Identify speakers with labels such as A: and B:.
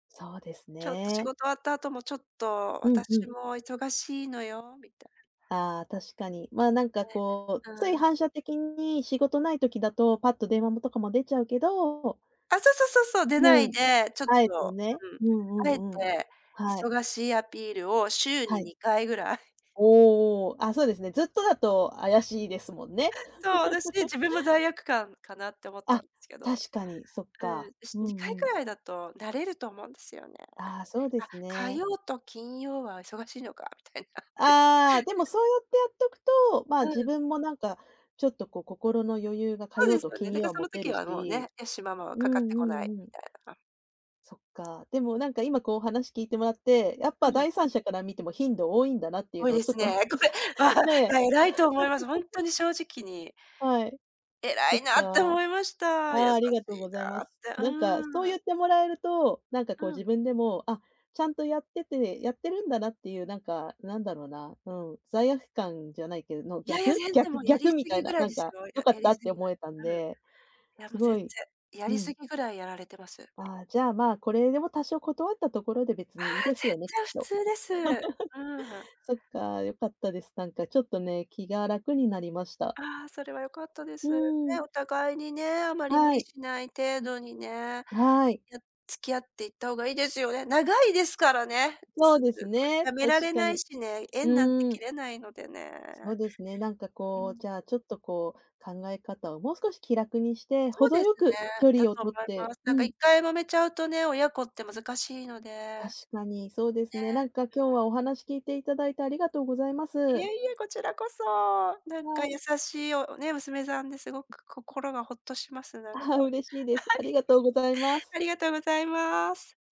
A: そうです
B: ちょっと仕
A: ね。
B: 事終わった後も、ちょっと
A: うんうん。
B: 私も忙しいのよみたいな。
A: ああ、確かに。まあ、なんか
B: ね、
A: こう、つい
B: うん。
A: 反射的に仕事ない時だと、パッと電話もとかも出ちゃうけど
B: あ、そうそうそうそう。出な
A: う
B: い
A: ん、
B: で、ちょっ
A: あえて
B: と、
A: ね、
B: うん。
A: う
B: あ
A: ん
B: えて、
A: うんうん、はい。
B: 忙しいアピールを週
A: は
B: に
A: い。
B: 2回ぐらい。
A: おおおお、あ、そうですね、ずっとだと怪しいですもんね。
B: そう、私、自分も罪悪感かなって思ったん
A: あ、
B: すけど
A: 確かにそっ
B: う
A: か、
B: ん、し
A: う
B: 2回
A: ん
B: く
A: うん。
B: らいだと慣れると思うんですよね。
A: ああ、そうで
B: あ、
A: す
B: 火
A: ね。
B: 曜と金曜は忙しいのかみたいなね。
A: ああ、でも そうやってやっとくと、ま、
B: う
A: 自
B: ん。
A: 分もなんかちょっとこう心の余裕が、火
B: そう
A: 曜
B: です
A: と
B: よね。
A: 金
B: だ
A: 曜
B: か、
A: は
B: そ
A: 持
B: の
A: て
B: 時
A: る
B: はもう
A: し、
B: ね、よしママは
A: うん
B: かかって
A: う
B: こない
A: んうん。
B: みたいな。
A: そっか、でもなんか、今こう話聞いてもらって、やっ
B: う
A: ぱ
B: ん。
A: 第三者から見ても頻度多いんだなっていう
B: 多い
A: のを
B: で
A: ちょ
B: す
A: っとね、
B: ね。こ
A: さ
B: れ
A: ね。
B: は偉いと思います。ほん とに正直に
A: はい、
B: 偉
A: そっ
B: いなって
A: か。
B: 思いました。優
A: あ
B: しい
A: あ、ありがとうございま
B: なっ
A: す。
B: て、
A: なんかそう
B: う
A: 言
B: ん。
A: ってもらえると、なんかこう
B: うん。
A: 自分でも、あ、ちゃんとやってて、やってるんだなっていう、なんか、なんだろな、うん、罪悪感じゃないけど、の
B: いやいや、
A: 逆
B: 全然
A: 逆
B: もうや
A: 逆
B: り過
A: みたい
B: ぎぐ
A: な、
B: らい
A: なん
B: です
A: か
B: よ。
A: よ
B: や
A: か
B: や
A: っ
B: り
A: たっ
B: す
A: て
B: ぎず
A: 思えたん
B: うん。
A: で、
B: いや、も
A: す
B: う全
A: ごい
B: 然、や
A: う
B: り過
A: ん。
B: ぎぐらいやられてます。
A: ああ、じゃ、まあ、これでも多少断ったところで別
B: ああ、
A: にいいです
B: 全
A: よねっ
B: 然普
A: と。
B: 通です。うーん。
A: そっか、良かったです。なんかちょっとね、気が楽になりました。
B: ああ、それは良かったで
A: う
B: す。ね、
A: ーん。
B: お互いにね、あまり無
A: は
B: 理
A: い。
B: しない程度にね、や
A: はい。
B: 付き合っていった方がいいですよね。長いですからね。
A: そ
B: す
A: う
B: う
A: です
B: ごい
A: ね、
B: やめ
A: 確
B: られ
A: か
B: ない
A: に。
B: しね、
A: う
B: 縁なんて
A: ーん。
B: 切れないのでね。
A: そうですね、なんか
B: う
A: こう、
B: ん。
A: じゃあ、ちょっとこう、考え方をもう少し気楽にして、
B: そう
A: 程
B: です
A: よ
B: ね。
A: く距
B: だ
A: 離を
B: と
A: 取っ
B: 思い
A: て
B: ます。
A: う
B: なんか
A: ん。
B: 一回もめちゃうとね、親子って難しいので。
A: 確
B: ね、
A: かにそうですね。
B: う
A: なんか今日
B: ん。
A: は、お話聞いていただいてありがとうございま
B: いえ
A: す。
B: いえ、こちらこそ、なん
A: は
B: か
A: い。
B: 優しいよ、ね、娘さんですごく心がほっとしますなんか。
A: ああ、
B: は
A: 嬉しいです。ありがとうございます。
B: い。ありがとうございます。